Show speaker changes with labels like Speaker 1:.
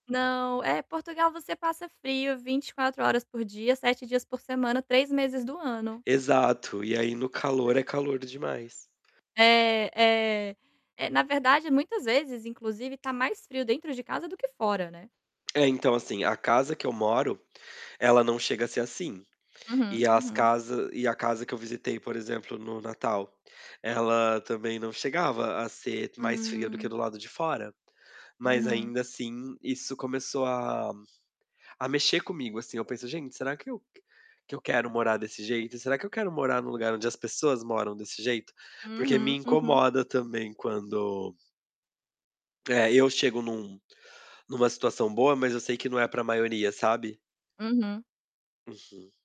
Speaker 1: Não. É, Portugal você passa frio 24 horas por dia, 7 dias por semana, 3 meses do ano.
Speaker 2: Exato. E aí, no calor,
Speaker 1: É.
Speaker 2: é calor demais.
Speaker 1: É, é. É, na verdade, muitas vezes, inclusive, está mais frio dentro de casa do que fora, né.
Speaker 2: É, então, assim, a casa que eu moro, ela não chega a ser assim.
Speaker 1: Uhum,
Speaker 2: E as
Speaker 1: uhum.
Speaker 2: casa e a casa que eu visitei, por exemplo, no Natal, ela também não chegava a ser mais fria do que
Speaker 1: Hum.
Speaker 2: do lado de fora. Mas,
Speaker 1: Uhum.
Speaker 2: ainda assim, isso começou a a mexer comigo. Assim, eu penso: "Gente, será que eu que eu quero morar desse jeito? Será que eu quero morar no lugar onde as pessoas moram desse jeito?". Porque me
Speaker 1: Uhum, uhum.
Speaker 2: incomoda também quando É, eu chego em um em uma situação boa, mas eu sei que não é para a maioria, sabe.
Speaker 1: Uhum.
Speaker 2: Uhum.